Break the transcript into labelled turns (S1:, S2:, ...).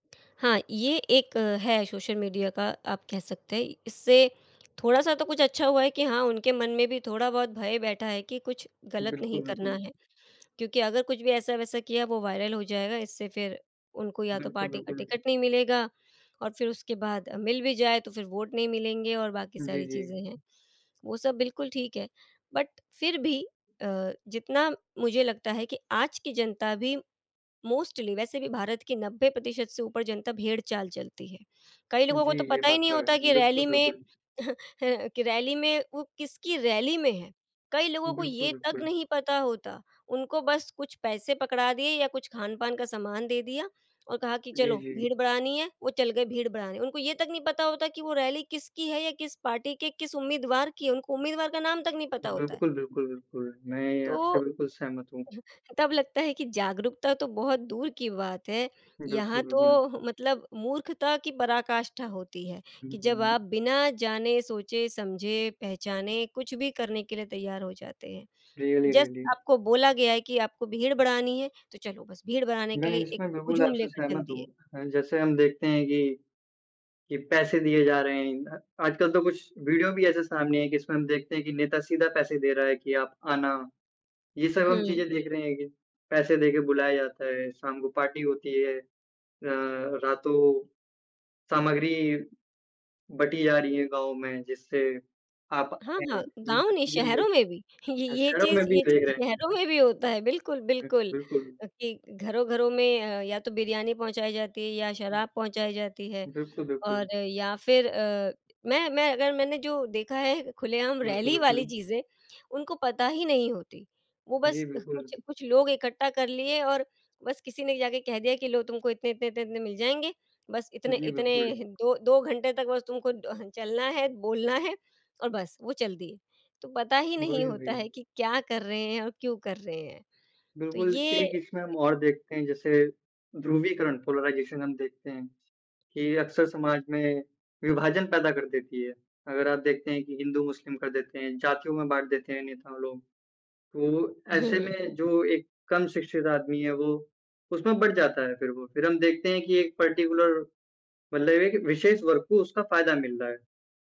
S1: हाँ, ये एक है सोशल मीडिया का आप कह सकते हैं, इससे थोड़ा-सा तो कुछ अच्छा हुआ है कि हाँ, उनके मन में भी थोड़ा बहुत भय बैठा है कि कुछ गलत नहीं
S2: बिल्कुल,
S1: करना
S2: बिल्कुल।
S1: है क्योंकि अगर कुछ भी ऐसा-वैसा किया वो वायरल हो जाएगा इससे फिर उनको या तो
S2: बिल्कुल,
S1: पार्टी का
S2: बिल्कुल।
S1: टिकट नहीं मिलेगा और फिर उसके बाद मिल भी जाए तो फिर वोट नहीं मिलेंगे और बाकी
S2: जी,
S1: सारी चीज़ें
S2: जी।
S1: हैं। वो सब बिल्कुल ठीक है बट फिर भी अ, जितना मुझे लगता है कि आज की जनता भी मोस्टली वैसे भी भारत की 90% से ऊपर जनता भेड़-चाल चलती है। कई लोगों को
S2: जी,
S1: तो
S2: ये
S1: पता ही
S2: बात
S1: नहीं
S2: तो
S1: होता
S2: है।
S1: कि
S2: बिल्कुल,
S1: रैली में
S2: बिल्कुल।
S1: कि रैली में, वो किसकी रैली में हैं, कई लोगों को
S2: बिल्कुल,
S1: ये तक
S2: बिल्कुल।
S1: नहीं पता होता, उनको बस कुछ पैसे पकड़ा दिए या कुछ खान-पान का सामान दे दिया और कहा कि
S2: जी,
S1: चलो
S2: जी।
S1: भीड़ बढ़ानी है वो चल गए भीड़ बढ़ाने। उनको ये तक नहीं पता होता कि वो रैली किसकी है या किस पार्टी के किस उम्मीदवार की है, उनको उम्मीदवार का नाम तक नहीं पता होता है।
S2: बिल्कुल, बिल्कुल, बिल्कुल। मैं आपसे
S1: तो
S2: बिल्कुल सहमत हूँ।
S1: तब लगता है कि जागरूकता तो बहुत दूर की बात है यहाँ
S2: बिल्कुल,
S1: तो
S2: बिल्कुल।
S1: मतलब मूर्खता की पराकाष्ठा होती है कि जब
S2: हुँ।
S1: आप बिना जाने, सोचे, समझे, पहचाने कुछ भी करने के लिए तैयार हो जाते हैं।
S2: Really,
S1: just
S2: really.
S1: आपको बोला गया है कि आपको भीड़ बढ़ानी है, तो चलो बस भीड़ बढ़ाने के
S2: मैं
S1: लिए एक
S2: इसमें बिल्कुल
S1: हुजूम
S2: आपसे
S1: लेकर चल
S2: सहमत हूँ
S1: दिए।
S2: अ, जैसे हम देखते हैं ये कि पैसे दिए जा रहे हैं। आजकल तो कुछ वीडियो भी ऐसे सामने है जिसमें हम देखते हैं कि नेता सीधा पैसे दे रहा है कि आप आना। ये सब हम
S1: हुँ।
S2: चीज़े देख रहे हैं कि पैसे देकर बुलाया जाता है, शाम को पार्टी होती है, र रातो सामग्री बटी जा रही है गाँव में जिससे आप
S1: हाँ,
S2: आएँ।
S1: हाँ।
S2: ये
S1: गाँव
S2: सब
S1: नहीं
S2: क्लीअर
S1: शहरों
S2: देख
S1: में भी, ये ये
S2: [unintelligible] में
S1: चीज़
S2: भी
S1: ये
S2: देख
S1: चीज़
S2: रहे
S1: शहरों
S2: हैं।
S1: में भी होता है, बिल्कुल,
S2: बि
S1: बिल्कुल
S2: बिल्कुल।
S1: अ, कि घरों-घरों में अ, या तो बिरयानी पहुँचाई जाती है या
S2: हुँ।
S1: शराब पहुँचाई जाती है
S2: बिल्कुल, बिल्कुल।
S1: और या फिर अ, मैं मैं अगर मैंने जो देखा है खुलेआम
S2: बिल्कु
S1: रैली वाली
S2: बिल्कुल।
S1: चीजें उनको पता ही नहीं होती। वो बस
S2: जी,
S1: अह
S2: बिल्कुल।
S1: कुछ कुछ लोग इकट्ठा कर लिए और बस किसी ने जाके कह दिया कि लोग तुमको इतने, इतने, इतने, इतने मिल जाएँगे, बस इतने
S2: जी
S1: इतने
S2: बिल्कुल।
S1: 2-2 घंटे तक बस तुमको डह चलना है, बोलना है और बस वो चल दिए। तो पता ही नहीं
S2: वही, वही।
S1: होता है कि क्या कर रहे हैं और क्यों कर रहे हैं। तो
S2: बिल्कुल
S1: ये
S2: एक इसमें हम और देखते हैं जैसे ध्रुवीकरण, पोलराइजेशन हम देखते हैं कि अक्सर समाज में विभाजन पैदा कर देती है। अगर आप देखते हैं कि हिंदू-मुस्लिम कर देते हैं, जातियों में बाँट देते हैं नेताओं लोग। तो ऐसे
S1: हुँ।
S2: में जो एक कम शिक्षित आदमी है वो उसमें बँट जाता है फिर वो। फिर हम देखते हैं कि एक पार्टिकुलर मतलब एक विशेष वर्ग को उसका फ़ायदा मिल रहा है।